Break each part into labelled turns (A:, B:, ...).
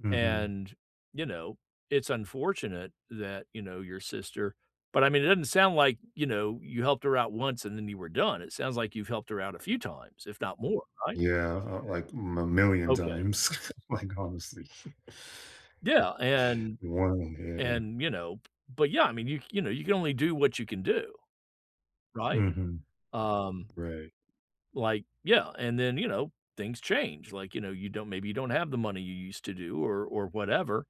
A: Mhm.
B: And, you know, it's unfortunate that, you know, your sister but, I mean, it doesn't sound like, you know, you helped her out once and then you were done, it sounds like you've helped her out a few times, if not more, right?
A: Yeah, uh, like, m a million
B: Okay.
A: times, like, honestly.
B: Yeah and
A: [unintelligible] yeah.
B: and, you know but, yeah, I mean, you c you know, you can only do what you can do. Right?
A: Mhm.
B: Um
A: Right.
B: Like yeah, and then, you know, things change, like, you know, you don't maybe you don't have the money you used to do or or whatever.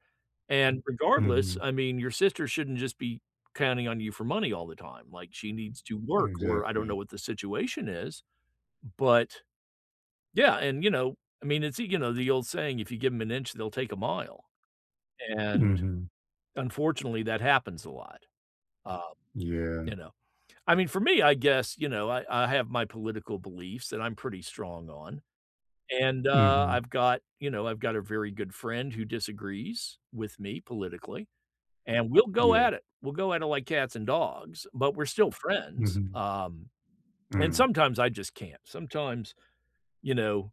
B: And regardless,
A: Mhm.
B: I mean, your sister shouldn't just be counting on you for money all the time, like, she needs to work, or I don't
A: Exactly.
B: know what the situation is, but yeah, and, you know I mean, it's you know, the old saying, "If you give 'em an inch, they'll take a mile." And,
A: Mhm.
B: unfortunately, that happens a lot, um,
A: Yeah.
B: you know? I mean, for me, I guess, you know, I I have my political beliefs that I'm pretty strong on. And, uh,
A: Mhm.
B: I've got you know, I've got a very good friend who disagrees with me politically, and we'll go
A: Yeah.
B: at it, we'll go at it like cats and dogs, but we're still friends,
A: Mhm.
B: um, and
A: Mm.
B: sometimes I just can't, sometimes, you know,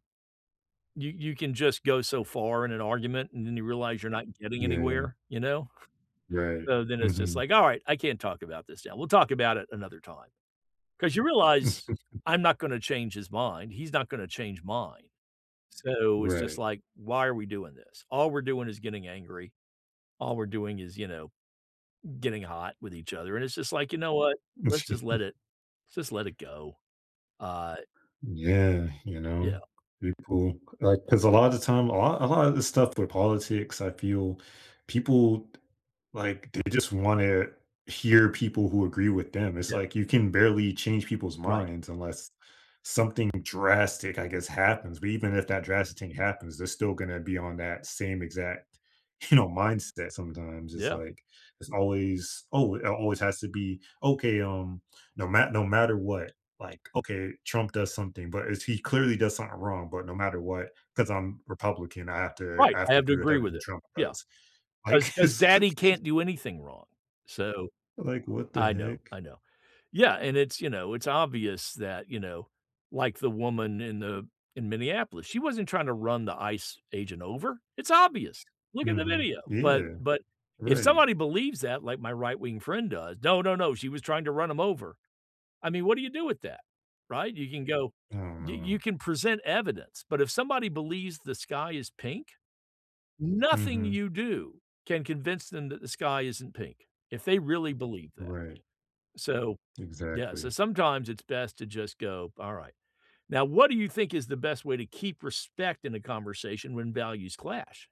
B: you you can just go so far in an argument, and then you realize you're not getting
A: Yeah.
B: anywhere, you know?
A: Right,
B: So then it's just
A: mhm.
B: like, "Alright, I can't talk about this now, we'll talk about it another time. 'Cause you realize, I'm not gonna change his mind, he's not gonna change mine. So, it's just
A: Right.
B: like, "Why are we doing this?" All we're doing is getting angry. All we're doing is, you know, getting hot with each other, and it's just like, "You know what? Let's just let it just let it go." Uh
A: Yeah, you know,
B: Yeah.
A: people like, 'cause a lot of the time, a lot a lot of the stuff with politics, I feel people t like, they just wanna hear people who agree with them, it's
B: Yes.
A: like you can barely change people's
B: Right.
A: minds unless something drastic, I guess, happens, but even if that drastic thing happens, they're still gonna to be on that same exact, you know, mindset sometimes, it's
B: Yeah.
A: like there's always oh, it always has to be, "Okay, um" no ma no ma no matter what, like okay, Trump does something, but if he clearly does something wrong but no matter what, 'cause I'm Republican, I have to
B: Right,
A: I have
B: I
A: to
B: have to
A: agree with
B: agree with
A: everything
B: it.
A: Trump
B: Yeah,
A: does.
B: 'cause
A: Like,
B: 'cause
A: it's
B: daddy
A: like
B: can't do anything wrong. So,
A: like, what the
B: I know,
A: heck?
B: I know. Yeah, and it's you know, it's obvious that you know, like the woman in the in Minneapolis, she wasn't trying to run the ICE agent over, it's obvious! Look at the
A: Mhm,
B: video, but
A: yeah.
B: but if
A: Right.
B: somebody believes that like my right wing friend does "No, no, no, she was trying to run 'em over." I mean, what do you do with that? Right? You can go
A: I don't
B: you you
A: know.
B: can present evidence, but if somebody believes the sky is pink, nothing
A: Mhm.
B: you do can convince them that the sky isn't pink, if they really believe that.
A: Right.
B: So yeah, so
A: Exactly.
B: sometimes it's best to just go, "Alright." Now, what do you think is the best way to keep respect in a conversation when values clash?